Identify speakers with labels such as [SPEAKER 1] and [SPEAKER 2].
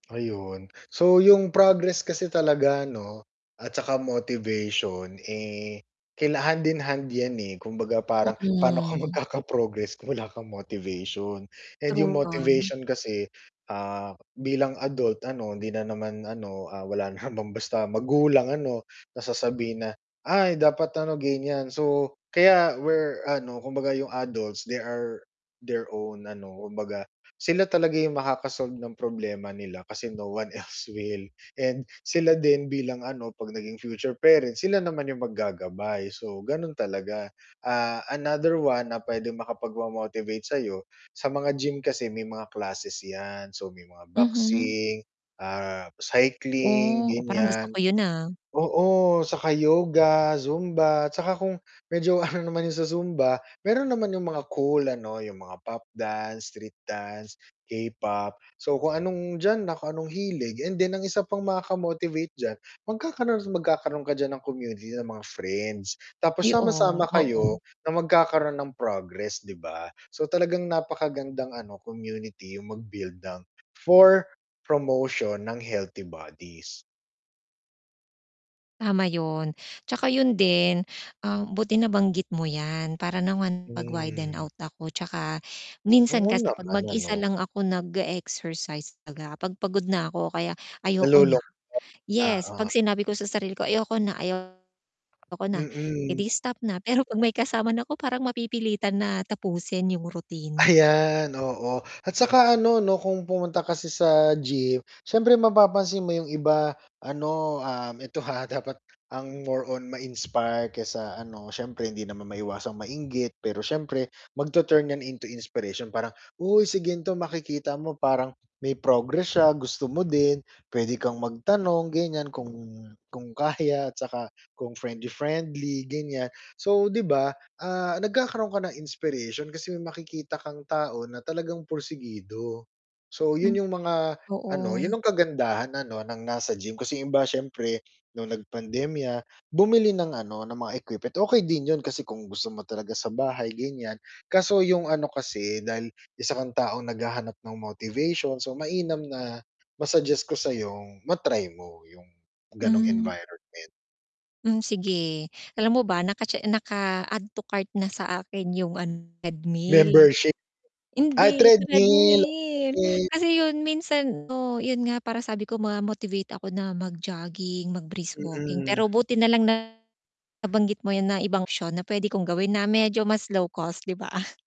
[SPEAKER 1] Ayun, so yung progress kasi talaga 'no at saka motivation, eh, kaila hand-and-hand 'yan eh. Kumbaga parang, paano ka
[SPEAKER 2] Mm.
[SPEAKER 1] magkaka-progress kung wala kang motivation. And yung
[SPEAKER 2] True 'yan.
[SPEAKER 1] motivation kasi, ah, bilang adult ano, hindi na naman ano, ah, wala namang basta magulang ano, na sasabihin na, "Ay dapat ano, ganyan." So, kaya we're ano, kumbaga, yung adults, they are their own ano, kumbaga sila talaga yung makaka-solve ng problema nila kasi no one else will and sila din bilang ano, 'pag naging future parents, sila naman yung maggagabay, so, ganun talaga. Ah, another one na pwedeng makapagpa-motivate sa'yo, sa mga gym kasi may mga classes 'yan, so, may mga
[SPEAKER 2] Mhm.
[SPEAKER 1] boxing, ah, cycling
[SPEAKER 2] Oh, parang gusto
[SPEAKER 1] ganyan.
[SPEAKER 2] ko yun ah.
[SPEAKER 1] Oo, tsaka yoga, zumba, tsaka kung medyo ano, naman yun sa zumba, meron naman yung mga cool ano, yung mga pop dance, street dance, K-pop. So, kung anong diyan na kung anong hilig, and then ang isa pang makaka-motivate diyan, magkakaroon at magkakaroon ka diyan ng community ng mga friends, tapos
[SPEAKER 2] I oh,
[SPEAKER 1] sama-sama kayo
[SPEAKER 2] oo.
[SPEAKER 1] na magkakaroon ng progress, 'di ba? So, talagang napakagandang ano community, yung mag-build ng for promotion ng healthy bodies.
[SPEAKER 2] Tama yun. Tsaka yun din, ah, buti nabanggit mo 'yan para naman mag-widen
[SPEAKER 1] Hmm.
[SPEAKER 2] out ako, tsaka minsan
[SPEAKER 1] Oo
[SPEAKER 2] kasi 'pag
[SPEAKER 1] naman ano.
[SPEAKER 2] mag-isa lang ako nag-e-exercise, baga 'pag pagod na 'ko o kaya ayoko na.
[SPEAKER 1] Nalulungkot,
[SPEAKER 2] Yes
[SPEAKER 1] oo.
[SPEAKER 2] 'pag sinabi ko sa sarili ko, "Ayoko na. Ayoko na." Eh
[SPEAKER 1] Mm.
[SPEAKER 2] 'di stop na, pero 'pag may kasama na 'ko parang mapipilitan na tapusin yung routine.
[SPEAKER 1] Ayan, oo, at saka ano 'no, kung pumunta kasi sa gym, siyempre mapapansin mo yung iba ano, um, eto ha dapat ang more on ma-inspire kesa ano, siyempre hindi naman maiwasang mainggit pero siyempre magtu-turn 'yan into inspiration parang, uy si gan'to, makikita mo, parang may progress siya, gusto mo din, pwede kang magtanong ganyan, kung kung kaya at saka kung friendly-friendly ganyan. So, 'di ba, ah, nagkakaroon ka ng inspiration kasi makikita kang tao na talagang pursigido. So,
[SPEAKER 2] M
[SPEAKER 1] yun yung mga ano, yun
[SPEAKER 2] Oo.
[SPEAKER 1] ang kagandahan ano, ng nasa gym, kasi yung iba siyempre nung nag-pandemya bumili ng ano, ng mga equipment, okey din yun kasi kung gusto mo talaga sa bahay ganyan. Kaso yung ano kasi dahil isa kang taong naghahanap ng motivation, so mainam na ma-suggest ko sa'yong ma-try mo yung ganong
[SPEAKER 2] Mm.
[SPEAKER 1] environment.
[SPEAKER 2] Hmm, sige. Alam mo ba naka-che naka-add to cart na sa akin yung ano treadmill.
[SPEAKER 1] Membership. Ay
[SPEAKER 2] Hindi
[SPEAKER 1] treadmill,
[SPEAKER 2] treadmill,
[SPEAKER 1] okay.
[SPEAKER 2] kasi yun minsan, oo, yun nga parang sabi ko ma-motivate ako na mag-jogging, mag-brisk walking pero
[SPEAKER 1] Mm.
[SPEAKER 2] buti nalang nabanggit mo 'yan na ibang syon na pwede kong gawin, na medyo mas low-cost, 'di ba?